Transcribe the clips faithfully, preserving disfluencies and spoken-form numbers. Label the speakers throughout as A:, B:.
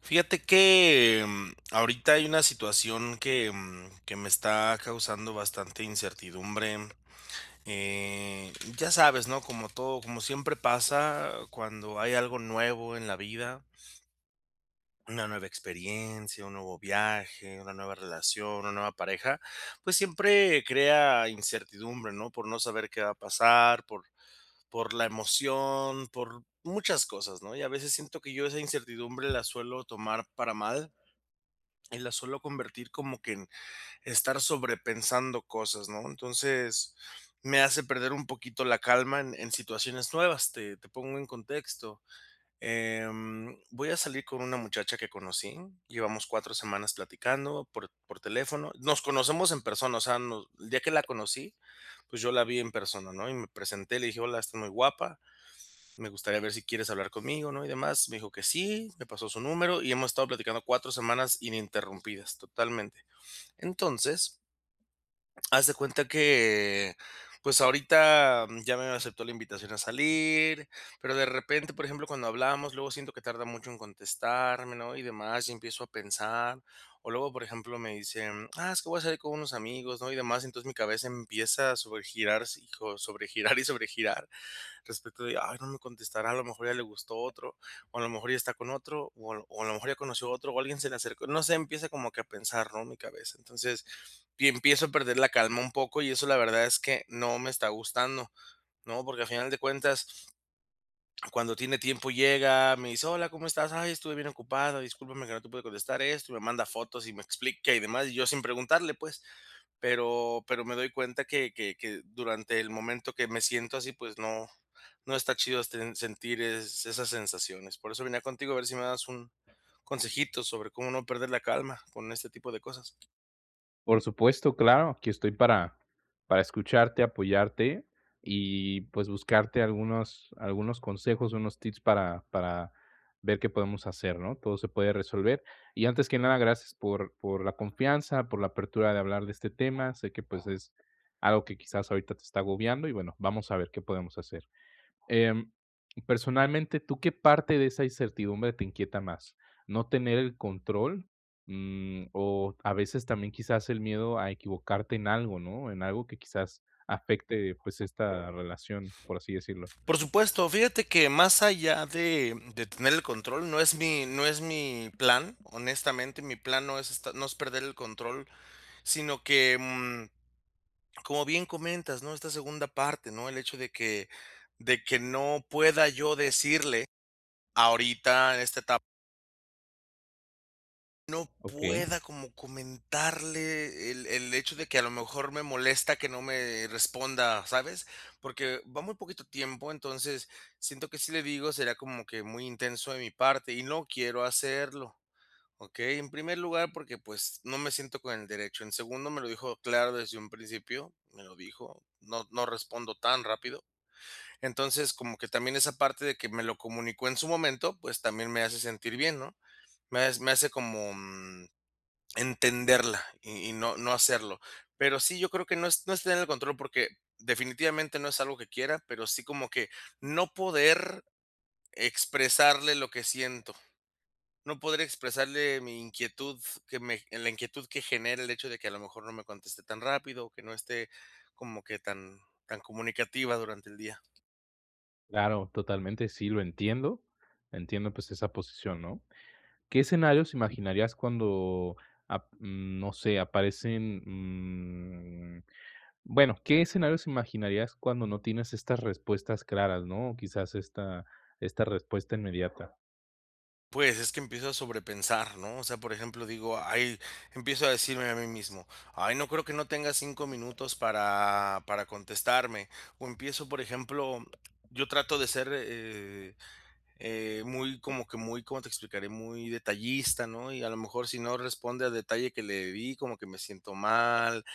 A: Fíjate que, em, ahorita hay una situación que, mm, que me está causando bastante incertidumbre, eh, ya sabes, ¿no?, como todo, como siempre pasa cuando hay algo nuevo en la vida una nueva experiencia, un nuevo viaje, una nueva relación, una nueva pareja, pues, siempre crea incertidumbre, ¿no?, por no saber qué va a pasar, por por la emoción, por muchas cosas, ¿no? Y, a veces siento que yo, esa incertidumbre la suelo tomar para mal, y la suelo convertir como que en estar sobrepensando cosas, ¿no? Entonces, me hace perder un poquito la calma en en situaciones nuevas. Te te pongo en contexto, em, voy a salir con una muchacha que conocí, llevamos cuatro semanas platicando por por teléfono. Nos conocemos en persona, o sea, no el día que la conocí, pues, yo la vi en persona, ¿no?, y me presenté y le dije: "Hola, estás muy guapa. Me gustaría ver si quieres hablar conmigo, ¿no?", y demás. Me dijo que sí, me pasó su número y hemos estado platicando cuatro semanas ininterrumpidas, totalmente. Entonces haz de cuenta que, eh, pues ahorita, mm, ya me aceptó la invitación a salir, pero de repente, por ejemplo, cuando hablamos, luego siento que tarda mucho en contestarme, ¿no?, y demás, y empiezo a pensar. O luego, por ejemplo, me dice, mm: "Ah, es que voy a salir con unos amigos, ¿no?", y demás. Entonces, mi cabeza empieza a sobregirarse, hijo, sobregirar y sobregirar. Respecto de: "Ay, no me contestará, a lo mejor ya le gustó otro, o a lo mejor ya está con otro, o a lo o a lo mejor ya conoció a otro, o alguien se le acercó". No sé, empieza como que a pensar, ¿no?, mi cabeza. Entonces, y empiezo a perder la calma un poco, y eso la verdad es que no me está gustando, ¿no?, porque al final de cuentas cuando tiene tiempo llega, me dice: "Hola, ¿cómo estás? Ay, estuve bien ocupada, discúlpame que no te pude contestar esto," y me manda fotos y me explica y demás, y yo sin preguntarle, pues. Pero pero me doy cuenta que que que durante el momento que me siento así, pues no no está chido, esten, sentir es esas sensaciones. Por eso venía contigo a ver si me dabas un consejito sobre cómo no perder la calma con este tipo de cosas.
B: Por supuesto, claro, que estoy para para escucharte, apoyarte, y, pues, buscarte algunos algunos consejos, unos tips para para ver qué podemos hacer, ¿no? Todo se puede resolver. Y, antes que nada, gracias por por la confianza, por la apertura de hablar de este tema. Sé que, pues, es algo que, quizás, ahorita te está agobiando, y, bueno, vamos a ver qué podemos hacer. Em, personalmente, ¿tú qué parte de esa incertidumbre te inquieta más? ¿No tener el control, mm, o, a veces, también, quizás, el miedo a equivocarte en algo, no? En algo que, quizás, afecte, pues, esta relación, por así decirlo.
A: Por supuesto, fíjate que más allá de, mm, de tener el control, no es mi no es mi plan, honestamente, mi plan no es est no es perder el control, sino que, mm, como bien comentas, ¿no?, esta segunda parte, ¿no? El hecho de que de que no pueda yo decirle ahorita en esta etap no
B: Okey.
A: pueda como comentarle el el hecho de que a lo mejor me molesta que no me responda, ¿sabes? Porque va muy poquito tiempo, entonces, siento que si le digo, sería como que muy intenso de mi parte y no quiero hacerlo, ¿okey? En primer lugar, porque, pues, no me siento con el derecho. En segundo, me lo dijo claro desde un principio, me lo dijo: "No no respondo tan rápido". Entonces, como que también esa parte de que me lo comunicó en su momento, pues, también me hace sentir bien, ¿no? Me has me hace como, mm, entenderla, y y no no hacerlo. Pero sí, yo creo que no es no es tener el control, porque, definitivamente, no es algo que quiera, pero sí como que no poder expresarle lo que siento. No poder expresarle mi inquietud f que me en la inquietud que genera el hecho de que a lo mejor no me conteste tan rápido, o que no esté como que tan tan comunicativa durante el día.
B: Claro, totalmente, sí, lo entiendo. Entiendo, pues, esa posición, ¿no? ¿Qué escenarios imaginarías cuando ap mm, no sé, aparecen, mm, bueno, qué escenarios imaginarías cuando no tienes estas respuestas claras, no? Quizás esta esta respuesta inmediata.
A: Pues, es que empiezo a sobrepensar, ¿no?, o sea, por ejemplo, digo, ay, empiezo a decirme a mí mismo: "Ay, no creo que no tenga cinco minutos para para contestarme". O empiezo, por ejemplo, yo trato de ser, eh eh, muy como que muy, ¿cómo te explicaré? Muy detallista, ¿no?, y, a lo mejor, si no responde al detalle que le di, como que me siento mal,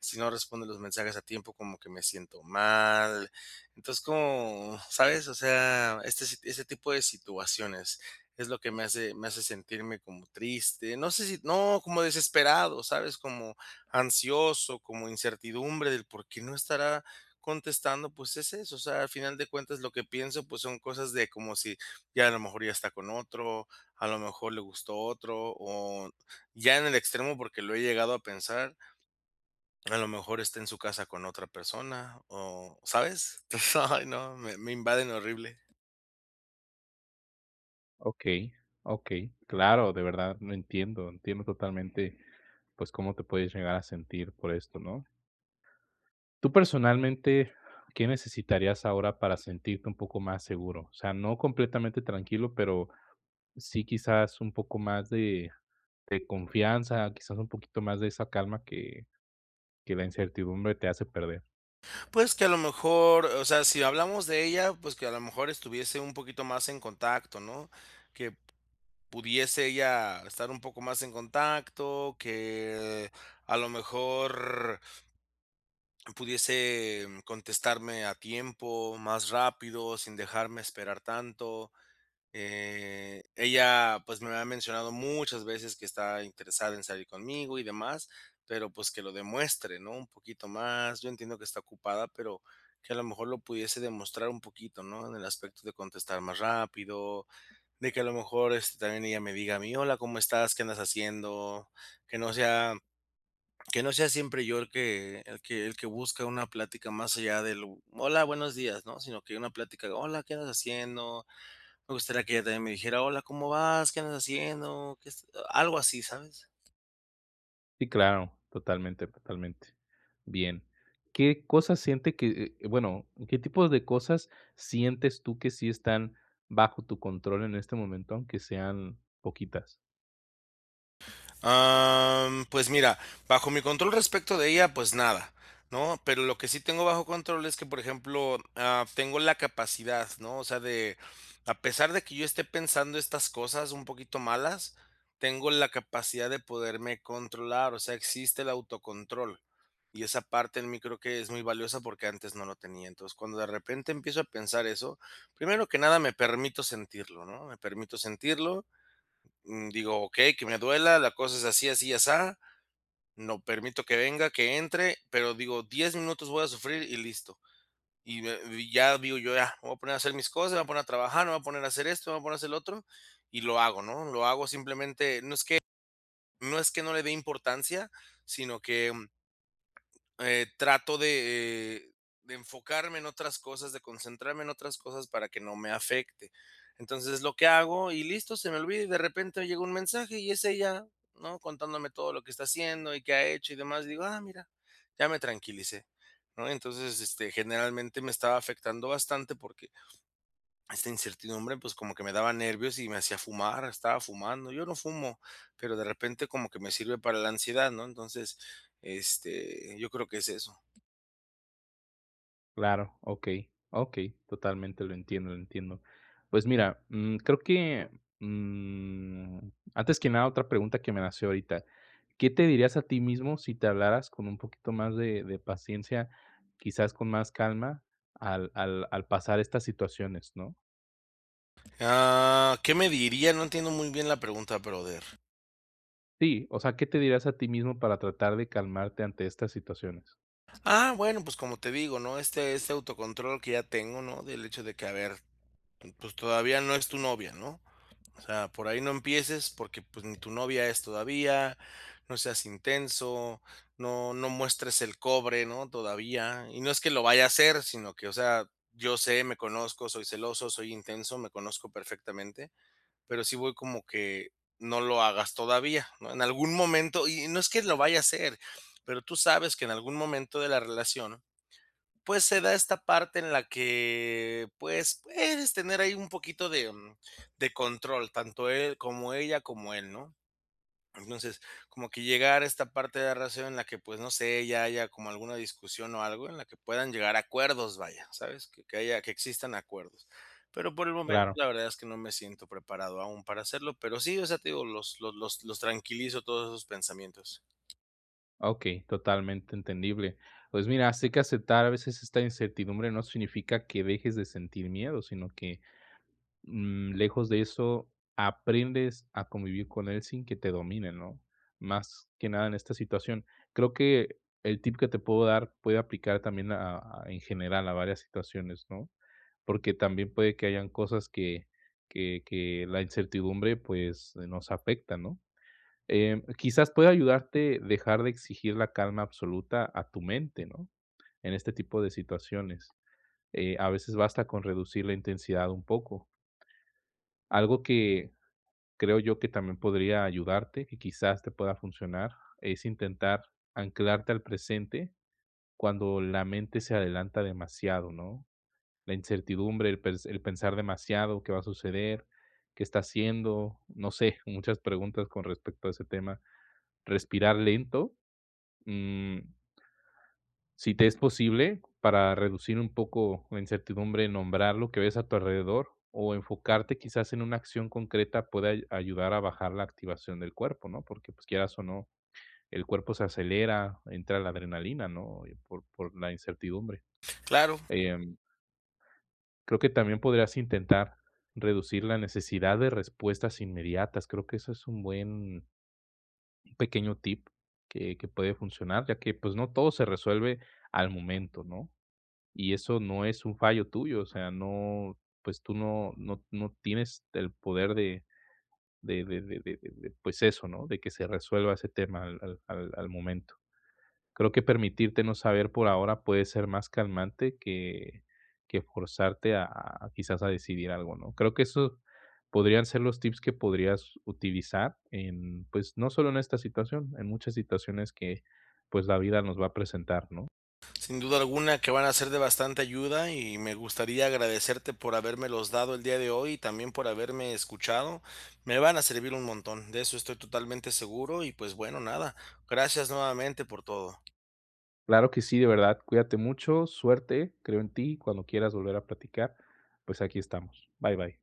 A: si no responde los mensajes a tiempo, como que me siento mal. Entonces, es como, ¿sabes?, o sea, este si ese tipo de situaciones es lo que me hace me hace sentirme como triste, no sé si no, como desesperado, ¿sabes?, como ansioso, como incertidumbre del por qué no estará contestando, pues, es eso, o sea, al final de cuentas, lo que pienso, pues, son cosas de como si: "Ya, a lo mejor, ya está con otro, a lo mejor, le gustó otro", o ya en el extremo, porque lo he llegado a pensar "a lo mejor esté en su casa con otra persona", o, ¿sabes? Ay, no, me me invaden horrible.
B: Okey, okey, claro, de verdad, lo entiendo, entiendo totalmente, pues, cómo te puedes llegar a sentir por esto, ¿no? Tú, personalmente, ¿qué necesitarías ahora para sentirte un poco más seguro? O sea, no completamente tranquilo, pero sí, quizás, un poco más de de confianza, quizás, un poquito más de esa calma que que la incertidumbre te hace perder.
A: Pues, que, a lo mejor, o sea, si hablamos de ella, pues, que, a lo mejor, estuviese un poquito más en contacto, ¿no? Que p pudiese ella estar un poco más en contacto, que, a lo mejor mm, pudiese, mm, contestarme a tiempo, más rápido, sin dejarme esperar tanto, eh, ella, pues, me ha mencionado, muchas veces, que está interesada en salir conmigo y demás, pero pues, que lo demuestre, ¿no?, un poquito más. Yo entiendo que está ocupada, pero que a lo mejor, lo pudiese demostrar un poquito, ¿no?, en el aspecto de contestar más rápido, de que, a lo mejor, este, también ella me diga a mí: "Hola, ¿Cómo estás? ¿Qué andas haciendo?". Que no sea que no sea siempre yo el que el que el que busca una plática, más allá del: "Hola, buenos días", ¿no?, sino que una plática de: "Hola, ¿qué andas haciendo?". Me gustaría que ella también me dijera: "Hola, ¿cómo vas? ¿Qué andas haciendo? ¿Qué est?", algo así, ¿sabes?
B: Sí, claro. Totalmente, totalmente. Bien, ¿qué cosas siente que? Eh, bueno, ¿qué tipos de cosas, sientes tú que sí están bajo tu control, en este momento? Aunque sean poquitas.
A: Am, pues mira, bajo mi control respecto de ella, pues nada, ¿no? Pero lo que sí tengo bajo control, es que, por ejemplo, am, tengo la capacidad, ¿no? O sea, de a pesar de que yo esté pensando estas cosas, un poquito malas, tengo la capacidad de poderme controlar. O sea, existe el autocontrol. Y esa parte en mi, creo que es muy valiosa, porque antes no lo tenía. Entonces, cuando de repente, empiezo a pensar eso, primero que nada, me permito sentirlo, ¿no?, me permito sentirlo. Mm, digo: "Okey, que me duela, la cosa es así, así y asá". No permito que venga, que entre, pero digo: "diez minutos voy a sufrir, y listo". Y de y ya. Digo yo: "Ya, me voy a poner a hacer mis cosas, me voy a poner a trabajar. Me voy a poner a hacer esto, me voy a poner a hacer lo otro". Y lo hago, ¿no?, lo hago simplemente. No es que no es que no le dé importancia, sino que Eh, trato de, eh, de enfocarme en otras cosas, de concentrarme en otras cosas, para que no me afecte. Entonces, es lo que hago, y listo, se me olvida. Y de repente hoy, llega un mensaje, y es ella, ¿no? Contándome todo lo que está haciendo, y qué ha hecho, y demás. Digo: "Ah, mira, ya me tranquilicé", ¿no? Entonces, este, generalmente, me estaba afectando bastante, porque esta incertidumbre, pues, como que me daba nervios, y me hacía fumar, estaba fumando. Yo no fumo, pero de repente, como que me sirve para la ansiedad, ¿no? Entonces, este, yo creo que es eso.
B: Claro, okey, okey. Totalmente lo entiendo, entiendo. Pues, mira, mm, creo que, mm, antes que nada, otra pregunta que me nació ahorita, ¿qué te dirías a ti mismo si te hablaras con un poquito más de de paciencia, quizás con más calma, al al al pasar estas situaciones, no?
A: Ah, ¿qué me diría? No entiendo muy bien la pregunta, brother.
B: Sí, o sea, ¿qué te dirías a ti mismo para tratar de calmarte ante estas situaciones?
A: Ah, bueno, pues, como te digo, ¿no? Este este autocontrol que ya tengo, ¿no?, del hecho de que: "A ver, mm, pues, todavía no es tu novia", ¿no? O sea: "Por ahí no empieces porque, pues, ni tu novia es todavía, no seas intenso, no no muestres el cobre", ¿no?, todavía. Y no es que lo vaya a hacer, sino que, o sea, yo sé, me conozco, soy celoso, soy intenso, me conozco perfectamente, pero sí voy como que: "No lo hagas, todavía", ¿no?, en algún momento y no es que lo vaya a hacer, pero tú sabes que, en algún momento de la relación, pues, se da esta parte en la que, pues, puedes tener ahí un poquito de, mm, de control, tanto él, como ella, como él, ¿no? Entonces, como que llegar a esta parte de la relación en la que, pues, no sé, ya haya como alguna discusión o algo en la que puedan llegar a acuerdos, vaya, ¿sabes?, que que haya que existan acuerdos. Pero por el momento,
B: Claro.
A: la verdad es que no me siento preparado aún para hacerlo, pero sí, o sea, te digo, los lo los los tranquilizo, todos esos pensamientos.
B: Okey, totalmente entendible. Pues, mira, sé que aceptar, a veces, esta incertidumbre, no significa que dejes de sentir miedo, sino que, mm, lejos de eso, aprendes a convivir con él, sin que te domine, ¿no?, más que nada, en esta situación. Creo que el tip, que te puedo dar, puede aplicar también a a en general, a varias situaciones, ¿no? Porque, también puede que hayan cosas que que que la incertidumbre, pues, nos afecta, ¿no? Em, quizás, puede ayudarte, dejar de exigir la calma absoluta a tu mente, ¿no? En este tipo de situaciones. Eh, a veces, basta con reducir la intensidad un poco. Algo que, creo yo que también podría ayudarte, que quizás te pueda funcionar, es intentar anclarte al presente, cuando la mente se adelanta demasiado, ¿no? La incertidumbre, el pers el pensar demasiado, ¿qué va a suceder, qué está haciendo?, no sé, muchas preguntas, con respecto a ese tema. Respirar lento, mm sí te es posible, para reducir un poco la incertidumbre, nombrar lo que ves a tu alrededor, o enfocarte, quizás, en una acción concreta, puede ay ayudar a bajar la activación del cuerpo, ¿no? Porque, pues, quieras o no, el cuerpo se acelera, entra la adrenalina, ¿no?, y por por la incertidumbre.
A: Claro.
B: Em creo que también podrías intentar reducir la necesidad de respuestas inmediatas, creo que ese es un buen un pequeño tip, que que puede funcionar, ya que, pues, no todo se resuelve al momento, ¿no? Y eso no es un fallo tuyo, o sea, no, pues, tú no no no tienes el poder de de de de de, pues, eso, ¿no?, de que se resuelva ese tema al al al al momento. Creo que permitirte no saber, por ahora, puede ser más calmante que que forzarte a, quizás, a decidir algo, ¿no? Creo que eso, podrían ser los tips que podrías utilizar en, pues, no solo en esta situación, en muchas situaciones que, pues, la vida nos va a presentar, ¿no?
A: Sin duda alguna, que van a ser de bastante ayuda, y me gustaría agradecerte, por habérmelos dado, el día de hoy, y también, por haberme escuchado. Me van a servir un montón, de eso estoy totalmente seguro y, pues, bueno, nada. Gracias nuevamente por todo.
B: Claro que sí, de verdad, cuídate mucho, suerte, creo en ti. Cuando quieras volver a platicar, pues, aquí estamos. Bye, bye.